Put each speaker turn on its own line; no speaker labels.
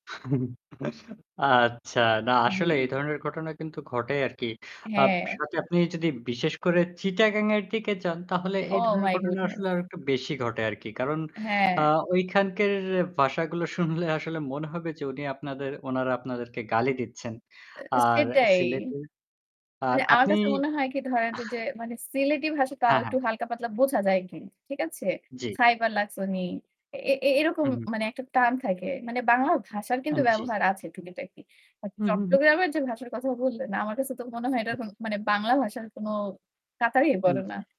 আচ্ছা, না আসলে
জী।
এ ধরনের ঘটনা কিন্তু ঘটে আরকি। আ
হ্যাঁ।
সাথে আপনি যদি বিশেষ করে 'চিটাগাং' এর দিকে যান তাহলে এই
ওহ
ধরনের
মাই
ঘটনা
গুডনেস।
আসলে আরেকটু বেশি ঘটে আরকি। কারণ
হ্যাঁ।
আ ঐখানকার ভাষাগুলো শুনলে আসলে মনে হবে যে উনি আপনাদের ওনারা আপনাদেরকে গালি দিচ্ছেন। আর
সেটাই। এ
সিলেটের আর
মানে আমার
আপনি
কাছে মনে হয় কি ধরেন যে মানে 'সিলেটি' ভাষা তাও
হ্যাঁ,
একটু
হ্যাঁ।
হালকা পাতলা বোঝা যায় আরকি। ঠিক আছে?
জী।
"খাইবার লাকছনি?" এ এ এরকম
হুম, হুম।
মানে একটা টান থাকে। মানে বাংলা ভাষার কিন্তু
হ্যাঁ, জী।
ব্যবহার আছে টুকিটাকি। বাট
হু, হু, হু।
চট্টগ্রামের যে ভাষার কথা বললেন না আমার কাছে তো মনে হয়
জী,
এটার কোনো
জী।
মানে বাংলা ভাষার কোনো কাতারেই
হ্যাঁ।
পরেনা।
জী।